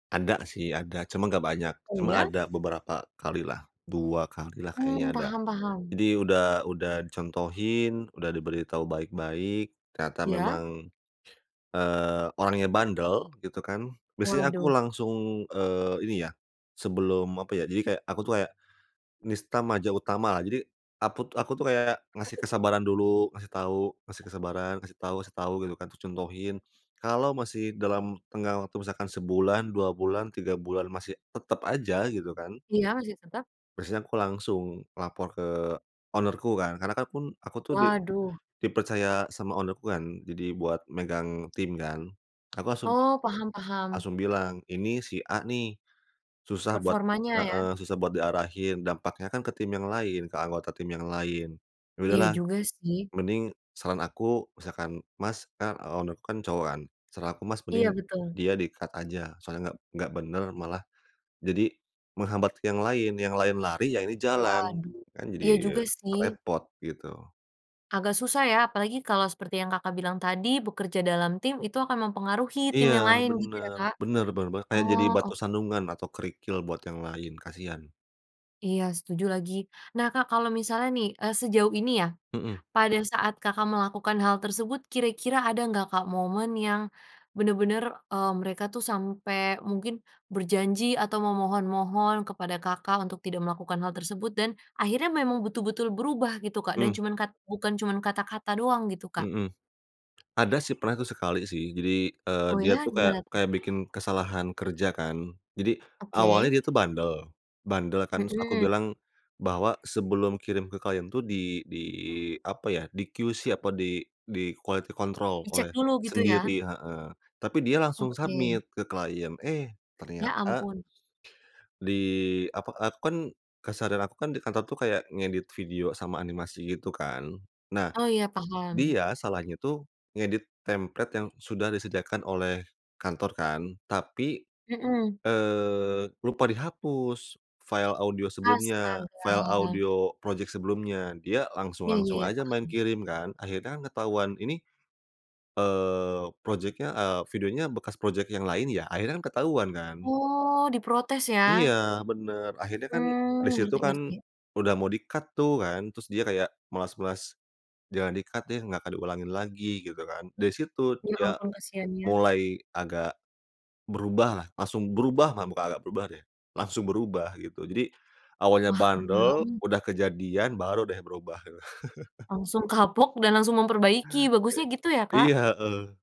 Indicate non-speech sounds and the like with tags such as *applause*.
Ada sih ada, cuma nggak banyak, Oh cuma ya? ada beberapa kali lah, 2 kali lah kayaknya Mmm, ada. paham paham. Jadi udah udah dicontohin, udah diberitahu baik-baik, ternyata Iya. memang, eee, orangnya bandel, gitu kan, di sini aku Waduh. langsung, eee, ini ya, sebelum, apa ya, jadi kayak, aku tuh kayak, Nista Maja Utama, jadi akut aku tuh kayak Apa ngasih tuh Kak? kesabaran dulu, ngasih tahu, ngasih kesabaran, kasih tahu kasih tahu gitu kan, terus contohin. Kalau masih dalam tenggang waktu, misalkan sebulan, 2 bulan, 3 bulan, masih tetap aja, gitu kan Iya masih tetap. biasanya aku langsung, lapor ke owner ku kan, karena kan akun aku tuh di Waduh. dipercaya sama owner ku kan, jadi buat megang tim kan. Aku langsung Oh, paham paham. langsung bilang, ini si A nih, susah buat Performanya ya. heeh, susah buat diarahin, dampaknya kan ke tim yang lain, ke anggota tim yang lain. Ya Iya udahlah, juga sih. mending saran aku misalkan, "Mas" kan owner ku kan cowok kan, "saran aku Mas Iya mending betul. dia di-cut aja, soalnya nggak nggak benar malah jadi menghambat ke yang lain, yang lain lari ya ini jalan, Waduh. kan Iya juga jadi sih. repot" gitu. Agak susah ya, apalagi kalau seperti yang Kakak bilang tadi, bekerja dalam tim, itu akan mempengaruhi tim Iya, yang lain, gitu ya benar Kak. benar benar banget, kayak jadi Oh, batu ok sandungan atau kerikil buat yang lain, kasihan. Iya setuju lagi. Nah Kak, kalau misalnya nih, eee, sejauh ini ya, Mhm. pada saat Kakak melakukan hal tersebut kira-kira ada gak Kak moment yang benar-benar, eee, mereka tuh sampai mungkin berjanji atau memohon-mohon kepada Kakak untuk tidak melakukan hal tersebut dan, akhirnya memang betul-betul berubah gitu Kak, dan Mhm. cuman kat bukan cuman kata-kata doang gitu Kak? Mhm. Ada sih, pernah itu sekali sih, jadi, eee, Oh dia ya? tuh kayak Gimana tuh? kayak bikin kesalahan kerja kan. Jadi, awalnya Oke. dia tuh bandel, bandel kan terus aku Mhm. bilang, bahwa sebelum kirim ke klien tuh di di apa ya, di QC atau di di quality control Dicek oleh dulu gitu ya. sendiri heeh, tapi dia langsung submit Oke. ke klien, eh Ya ternyata ampun. di apa, aku kan keseharian aku kan di kantor tuh kayak ngedit video sama animasi gitu kan, nah Oh ya, paham. dia salahnya tuh ngedit template yang sudah disediakan oleh kantor kan, tapi, Mhm. eee, lupa dihapus, file audio sebelumnya, file Astaga. audio project sebelumnya. Dia Iya langsung-langsung ya aja main paham. kirim kan. Akhirnya kan ketahuan ini, eee, project-nya, eee, videonya bekas project yang lain ya, akhirnya kan ketahuan kan. Oh, diprotes Iya ya? benar, akhirnya kan di Mmm, situ kan ngerti-ngerti. udah mau di-cut tuh kan, terus dia kayak melas-melas jangan di-cut deh, nggak diulangin lagi gitu kan, di situ Ya dia ampun kasihannya. mulai agak berubahlah, langsung berubah mah, bukan agak berubah deh, langsung berubah gitu. Jadi, awalnya Wah keren bandel, banget. udah kejadian baru deh berubah gitu. *chuckles* Langsung kapok dan langsung memperbaiki, E bagusnya gitu ya Kak. iya, heeh.